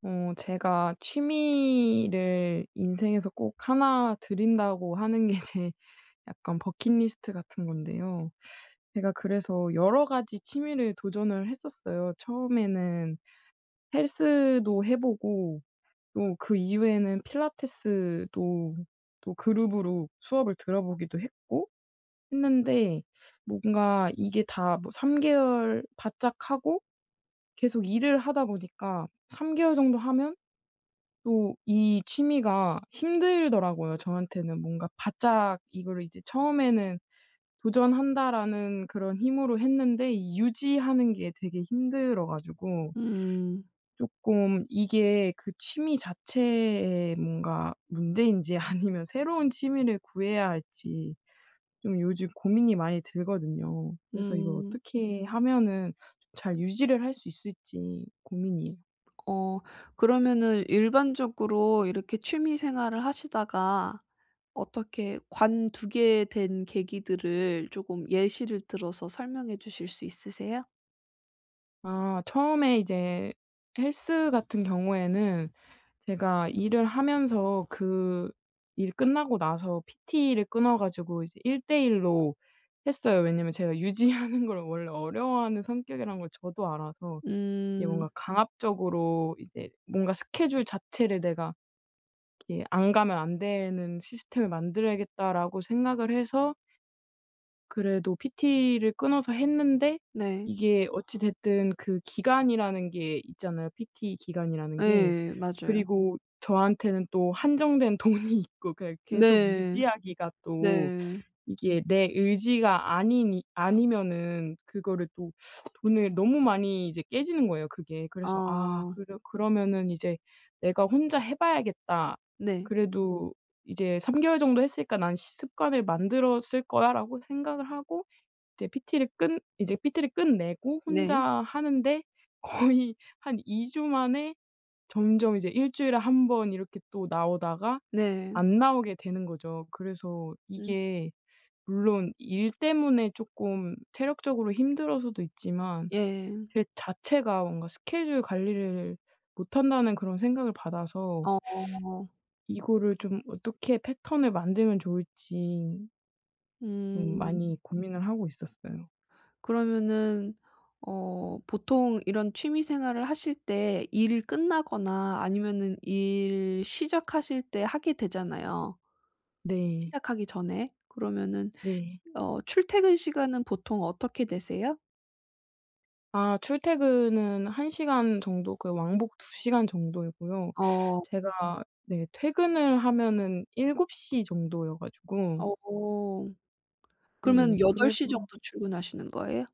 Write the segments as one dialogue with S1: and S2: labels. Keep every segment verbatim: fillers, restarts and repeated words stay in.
S1: 어 제가 취미를 인생에서 꼭 하나 들인다고 하는 게 제 약간 버킷리스트 같은 건데요. 제가 그래서 여러 가지 취미를 도전을 했었어요. 처음에는 헬스도 해 보고 또 그 이후에는 필라테스도 또 그룹으로 수업을 들어 보기도 했고 했는데 뭔가 이게 다 뭐 삼 개월 바짝 하고 계속 일을 하다 보니까 삼 개월 정도 하면 또 이 취미가 힘들더라고요, 저한테는. 뭔가 바짝 이거를 이제 처음에는 '도전한다.'라는 그런 힘으로 했는데 이 유지하는 게 되게 힘들어 가지고
S2: 음.
S1: 쪼끔 이게 그 취미 자체에 뭔가 문제인지 아니면 새로운 취미를 구해야 할지 좀 요즘 고민이 많이 들거든요. 그래서 이걸
S2: 음.
S1: 어떻게 하면은 잘 유지를 할 수 있을지 고민이에요.
S2: 어 그러면은 일반적으로 이렇게 취미생활을 하시다가 어떻게 관두게 된 계기들을 쪼금 예시를 들어서 설명해 주실 수 있으세요?
S1: 아 처음에 이제 헬스 같은 경우에는 제가 일을 하면서 그 일 끝나고 나서 PT를 끊어 가지고 이제 일 대 일 로 했어요. 왜냐하면 제가 유지하는 걸 원래 어려워하는 성격이란 걸 저도 알아서 이게
S2: 음.
S1: 뭔가 '강압적으로 이제 뭔가 스케줄 자체를 내가 이렇게 안 가면 안 되는 시스템을 만들어야겠다.'라고 생각을 해서 그래도 PT를 끊어서 했는데
S2: 네.
S1: 이게 어찌 됐든 그 기간이라는 게 있잖아요 PT 기간이라는 게.
S2: 예. 맞아요.
S1: 그리고 저한테는 또 한정된 돈이 있고 그냥 계속
S2: 네.
S1: 유지하기가 또
S2: 네.
S1: 이게 내 의지가 아니니 아니면은 그거를 또 돈을 너무 많이 이제 깨지는 거예요 그게. 그래서 '아
S2: 어.
S1: 그러 그러면은 이제 내가 혼자 해 봐야겠다.
S2: 네.
S1: 그래도 이제 삼 개월 정도 했으니까 나는 시 습관을 만들었을 거야.'라고 생각을 하고 이제 PT를 끝 이제 PT를 끝내고 혼자
S2: 네.
S1: 하는데 거의 한 이 주 만에 점점 이제 일 주일에 한 번 이렇게 또 나오다가
S2: 네.
S1: 안 나오게 되는 거죠. 그래서
S2: 음.
S1: 이게 물론 일 때문에 쪼끔 체력적으로 힘들어서도 있지만
S2: 예.
S1: 제 자체가 뭔가 스케줄 관리를 못 한다는 그런 생각을 받아서
S2: 어.
S1: 이거를 좀 어떻게 패턴을 만들면 좋을지 음
S2: 음.
S1: 많이 고민을 하고 있었어요.
S2: 그러면은 어 보통 이런 취미생활을 하실 때 일 끝나거나 아니면은 일 시작하실 때 하게 되잖아요.
S1: 네.
S2: 시작하기 전에 그러면은
S1: 네.
S2: 어 출퇴근 시간은 보통 어떻게 되세요?
S1: 아 출퇴근은 한 시간 정도 그 왕복 두 시간 정도이고요.
S2: 어.
S1: 제가 네 퇴근을 하면은 일곱 시 정도여 가지고
S2: 어
S1: 네.
S2: 그러면 여덟
S1: 그래서
S2: 시 정도 출근하시는 거예요?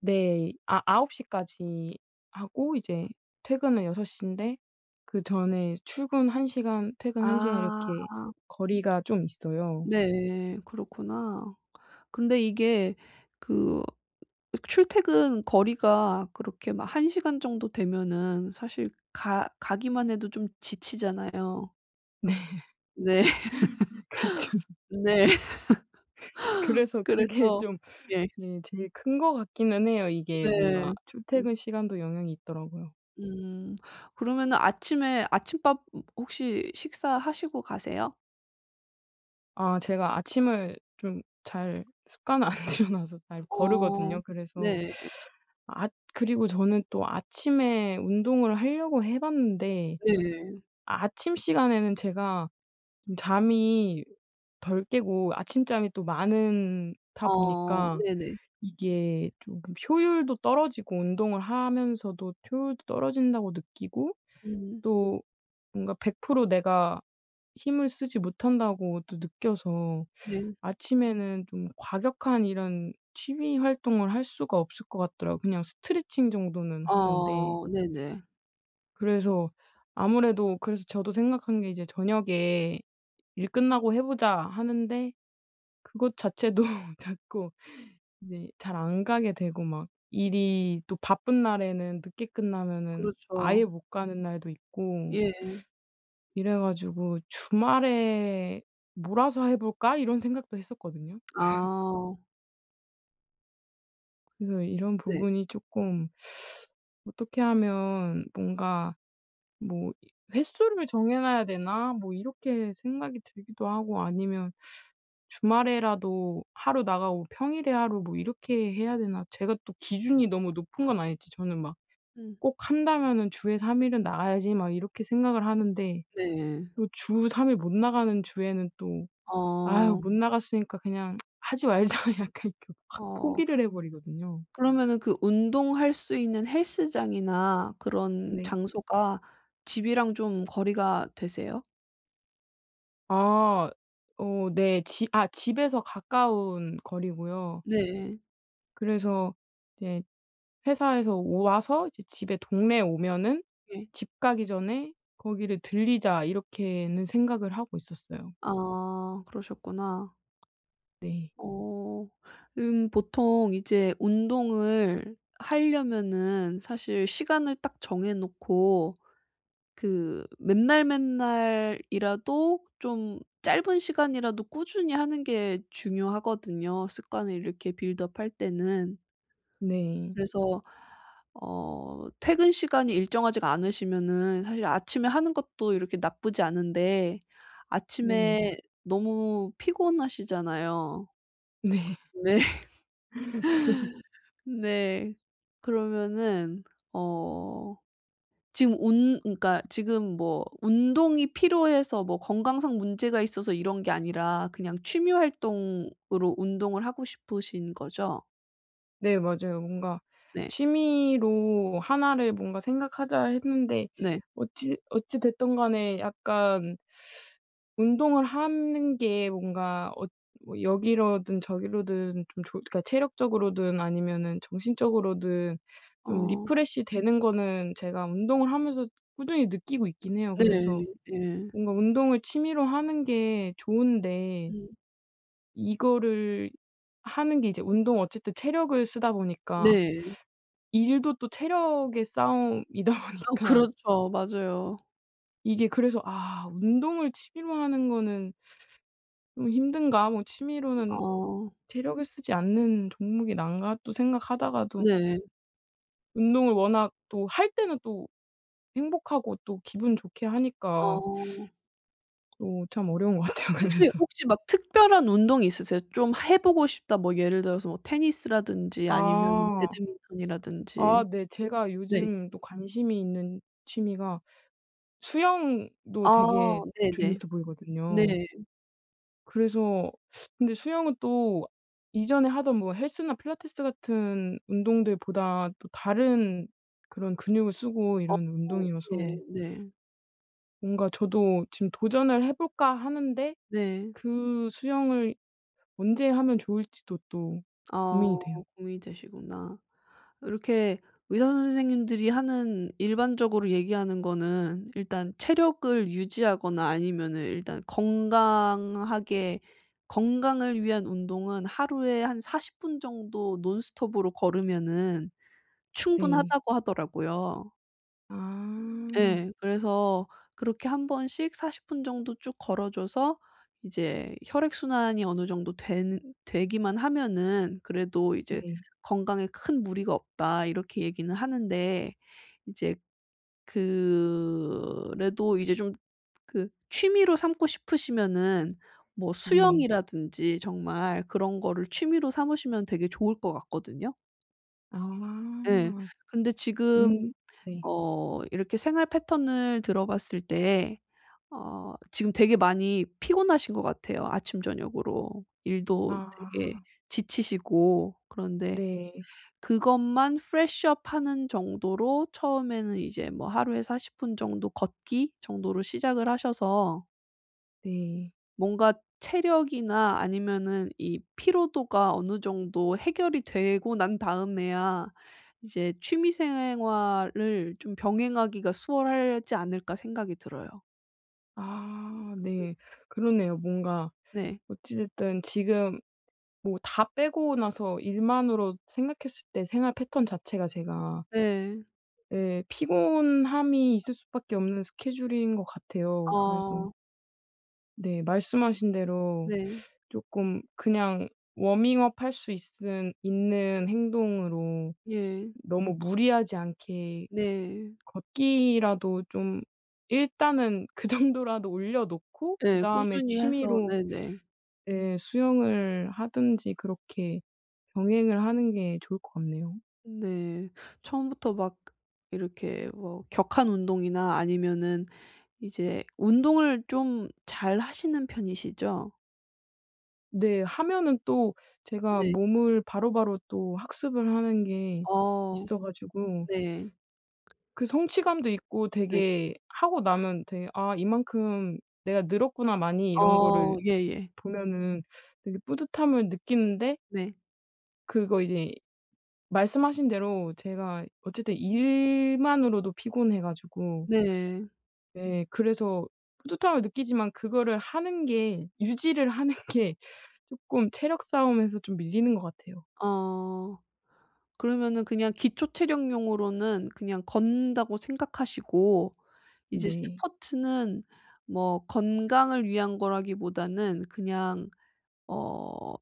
S1: 네. 이 아 아홉 시까지 하고 이제 퇴근은 여섯 시인데 그전에 출근 한 시간 퇴근 한 시간
S2: 아.
S1: 이렇게 거리가 좀 있어요.
S2: 네. 그렇구나. 근데 이게 그 출퇴근 거리가 그렇게 막 한 시간 정도 되면은 사실 가 가기만 해도 좀 지치잖아요.
S1: 네.
S2: 네.
S1: 그쵸.
S2: 네.
S1: 그래서 그게
S2: 그래서
S1: 좀
S2: 예.
S1: 네. 제일 큰 것 같기는 해요. 이게
S2: 네.
S1: 뭔가
S2: 음.
S1: 출퇴근 시간도 영향이 있더라고요.
S2: 음. 그러면은 아침에 아침밥 음 혹시 식사하시고 가세요?
S1: 아 제가 아침을 좀 잘 습관을 안 들여 놔서 잘
S2: 어
S1: 거르거든요. 그래서
S2: 네.
S1: 앗 그리고 저는 또 아침에 운동을 하려고 해 봤는데
S2: 네.
S1: 아침 시간에는 제가 좀 잠이 덜 깨고 아침잠이 또 많은 다
S2: 어
S1: 보니까
S2: 네네.
S1: 이게 쪼금 효율도 떨어지고 운동을 하면서도 효율도 떨어진다고 느끼고
S2: 음.
S1: 또 뭔가 백 프로 내가 힘을 쓰지 못한다고 또 느껴서
S2: 네.
S1: 아침에는 좀 과격한 이런 취미 활동을 할 수가 없을 것 같더라고요. 그냥 스트레칭 정도는 하는데.
S2: 어 네네.
S1: 그래서 아무래도 그래서 저도 생각한 게 이제 저녁에 '일 끝나고 해 보자.' 하는데 그것 자체도 자꾸 이제 잘 안 가게 되고 막 일이 또 바쁜 날에는 늦게 끝나면은 아예
S2: 그렇죠.
S1: 못 가는 날도 있고
S2: 예.
S1: 이래 가지고 '주말에 몰아서 해 볼까?' 이런 생각도 했었거든요.
S2: 아.
S1: 그래서 이런
S2: 네.
S1: 부분이 쪼끔 어떻게 하면 뭔가 뭐 '이 횟수를 정해 놔야 되나?' 뭐 이렇게 생각이 들기도 하고 아니면 '주말에라도 하루 나가고 평일에 하루 뭐 이렇게 해야 되나?' 제가 또 기준이 너무 높은 건 아닐지 저는 막
S2: 음.
S1: '꼭 한다면은 주에 삼 일은 나가야지.' 막 이렇게 생각을 하는데
S2: 네.
S1: 또 주 삼 일 못 나가는 주에는 또 '아유
S2: 어.
S1: 못 나갔으니까 그냥 하지 말자.' 약간 이렇게 확
S2: 어.
S1: 포기를 해 버리거든요.
S2: 그러면은 그 운동할 수 있는 헬스장이나 그런
S1: 네.
S2: 장소가 집이랑 좀 거리가 되세요?
S1: 아. 어 네. 지 아 집에서 가까운 거리고요.
S2: 네.
S1: 그래서 이제 '회사에서 와서 이제 집에 동네에 오면은
S2: 예.
S1: 집 가기 전에 거기를 들르자.' 이렇게는 생각을 하고 있었어요.
S2: 아 그러셨구나.
S1: 네.
S2: 어. 음 보통 이제 운동을 하려면은 사실 시간을 딱 정해 놓고 그 맨날맨날이라도 좀 짧은 시간이라도 꾸준히 하는 게 중요하거든요, 습관을 이렇게 빌드업 할 때는.
S1: 네.
S2: 그래서 어 퇴근 시간이 일정하지가 않으시면은 사실 아침에 하는 것도 이렇게 나쁘지 않은데
S1: 네.
S2: 아침에 너무 피곤하시잖아요.
S1: 네.
S2: 네. 네. 그러면은 어 지금 운 그러니까 지금 뭐 운동이 필요해서 뭐 건강상 문제가 있어서 이런 게 아니라 그냥 취미 활동으로 운동을 하고 싶으신 거죠?
S1: 네 맞아요. 뭔가
S2: 네.
S1: '취미로 하나 를 뭔가 생각하자.' 했는데
S2: 네.
S1: 어찌 어찌 됐든 간에 약간 운동을 하는 게 뭔가 엇 뭐 여기로든 저기로든 좀 조 그러니까 체력적으로든 아니면은 정신적으로든 좀
S2: 어.
S1: 리프레시 되는 거는 제가 운동을 하면서 꾸준히 느끼고 있긴 해요. 그래서
S2: 네. 예.
S1: 뭔가 운동을 취미로 하는 게 좋은데
S2: 음.
S1: 이거를 하는 게 이제 운동 어쨌든 체력을 쓰다 보니까
S2: 네.
S1: 일도 또 체력의 싸움이다
S2: 어
S1: 보니까
S2: 그렇죠. 맞아요.
S1: 이게 그래서 '아. 운동을 취미로 하는 거는 좀 힘든가. 뭐 취미로는
S2: 아 어.
S1: 체력을 쓰지 않는 종목이 나은가.' 또 생각하다가도
S2: 네.
S1: 운동을 워낙 또 할 때는 또 행복하고 또 기분 좋게 하니까
S2: 어.
S1: 어 참 어려운 것 같아요
S2: 혹시
S1: 그래서.
S2: 혹시 막 특별한 운동이 있으세요? '좀 해 보고 싶다.' 뭐 예를 들어서 뭐 테니스라든지 아니면
S1: 아. 아
S2: 배드민턴이라든지.
S1: 네 제가
S2: 네.
S1: 요즘 또 관심이 있는 취미가 수영도
S2: 아
S1: 되게
S2: 네네.
S1: 재미있어 보이거든요.
S2: 네.
S1: 그래서 근데 수영은 또 이전에 하던 뭐 헬스나 필라테스 같은 운동들보다 또 다른 그런 근육을 쓰고
S2: 어
S1: 이런
S2: 예.
S1: 운동이어서
S2: 네.
S1: 뭔가 저도 지금 '도전을 해 볼까.' 하는데
S2: 네.
S1: 그 수영을 언제 하면 좋을지도 또
S2: 아
S1: 고민이 돼요.
S2: 고민이 되시구나. 이렇게 의사 선생님들이 하는 일반적으로 얘기하는 거는 "일단 체력을 유지하거나 아니면은 일단 건강하게 건강을 위한 운동은 하루에 한 사십 분 정도 논스톱으로 걸으면은
S1: 네.
S2: 충분하다."고 하더라고요.
S1: 아.
S2: 예. 그래서 그렇게 한 번씩 사십 분 정도 쭉 걸어 줘서 이제 혈액순환이 어느 정도 되는 되기만 하면은 그래도 이제
S1: 네.
S2: "건강에 큰 무리가 없다." 이렇게 얘기는 하는데 이제 그래도 이제 좀 그 취미로 삼고 싶으시면은 뭐
S1: 네.
S2: 수영이라든지 정말 그런 거를 취미로 삼으시면 되게 좋을 것 같거든요. 예.
S1: 아.
S2: 근데 지금
S1: 음 네.
S2: 어 이렇게 생활 패턴을 들어 봤을 때 어 지금 되게 많이 피곤하신 것 같아요 아침저녁으로. 일도 되게
S1: 아.
S2: 지치시고 그런데
S1: 네.
S2: 그것만 프레쉬 업 하는 정도로 처음에는 이제 뭐 하루에 사십 분 정도 걷기 정도로 시작을 하셔서
S1: 네.
S2: 뭔가 체력이나 아니면은 이 피로도가 어느 정도 해결이 되고 난 다음에야 이제 '취미생활을 좀 병행하기가 수월하지 않을까.' 생각이 들어요.
S1: 아
S2: 음.
S1: 네. 그러네요. 뭔가
S2: 네.
S1: 어찌 됐든 지금 뭐 다 빼고 나서 일만으로 생각했을 때 생활 패턴 자체가 제가
S2: 네.
S1: 예 피곤함이 있을 수밖에 없는 스케줄인 것 같아요. 그래서
S2: 아.
S1: 네 말씀하신 대로
S2: 네.
S1: 쪼끔 그냥 워밍업 할 수 있은 있는 행동으로
S2: 예.
S1: 너무 무리하지 않게
S2: 네.
S1: 걷기라도 좀 일단은 그 정도라도 올려놓고
S2: 예.
S1: 그다음에
S2: 꾸준히 해서
S1: 취미로
S2: 네네.
S1: 예 수영을 하든지 그렇게 병행을 하는 게 좋을 것 같네요.
S2: 네. 처음부터 막 이렇게 뭐 격한 운동이나 아니면은 이제 운동을 좀 잘하시는 편이시죠?
S1: 네. 하면은 또 제가
S2: 네.
S1: 몸을 바로바로 또 학습을 하는 게
S2: 어
S1: 있어 가지고
S2: 네.
S1: 그 성취감도 있고
S2: 네.
S1: 되게 하고 나면 되게 '아 이만큼 내가 늘었구나 많이.' 이런
S2: 어
S1: 거를
S2: 예예.
S1: 보면은 되게 뿌듯함을 느끼는데
S2: 네.
S1: 그리고 이제 말씀하신 대로 제가 어쨌든 일만으로도 피곤해 가지고
S2: 네.
S1: 네 그래서 뿌듯함을 느끼지만 그거를 하는 게 유지를 하는 게 쪼끔 체력 싸움에서 좀 밀리는 것 같아요.
S2: 아. 그러면은 그냥 기초 체력용으로는 그냥 걷는다고 생각하시고 이제
S1: 네.
S2: 스포츠는 뭐 건강을 위한 거라기보다는 그냥 어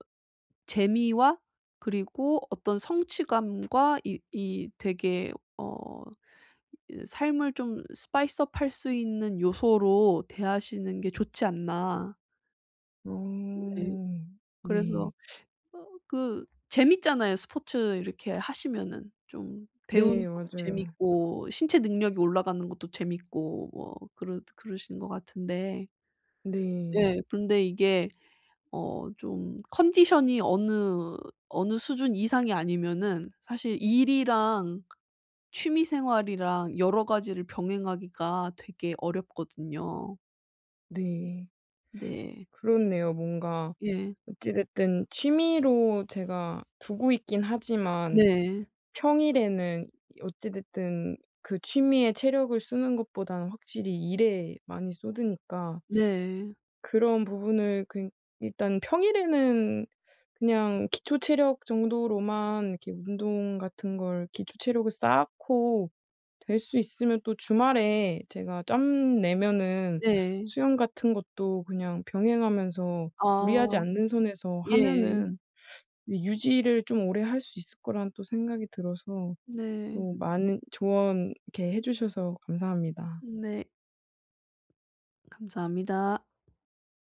S2: 재미와 그리고 어떤 성취감과 이 이 되게 어 이 삶을 좀 스파이스업 할 수 있는 요소로 대하시는 게 좋지 않나. 네.
S1: 어
S2: 그래서
S1: 네.
S2: 어 그 재밌잖아요 스포츠 이렇게 하시면은. 좀 배우는
S1: 네
S2: 것도
S1: 맞아요.
S2: 재밌고 신체 능력이 올라가는 것도 재밌고 뭐 그러 그러시는 것 같은데.
S1: 네.
S2: 예. 근데 이게 어 좀 컨디션이 어느 어느 수준 이상이 아니면은 사실 일이랑 취미생활이랑 여러 가지를 병행하기가 되게 어렵거든요.
S1: 네.
S2: 네.
S1: 그렇네요. 뭔가
S2: 예.
S1: 어찌 됐든 취미로 제가 두고 있긴 하지만
S2: 네.
S1: 평일에는 어찌 됐든 그 취미에 체력을 쓰는 것보다는 확실히 일에 많이 쏟으니까
S2: 네.
S1: 그런 부분을 그니 일단 평일에는 그냥 기초 체력 정도로만 이렇게 운동 같은 걸 기초 체력을 쌓고 될 수 있으면 또 주말에 제가 짬 내면은
S2: 네.
S1: 수영 같은 것도 그냥 병행하면서 무리하지
S2: 아.
S1: 않는 선에서
S2: 예.
S1: 하면은 유지를 좀 오래 할 수 있을 거라는 또 생각이 들어서
S2: 네.
S1: 또 많은 조언 이렇게 해 주셔서 감사합니다.
S2: 네. 감사합니다.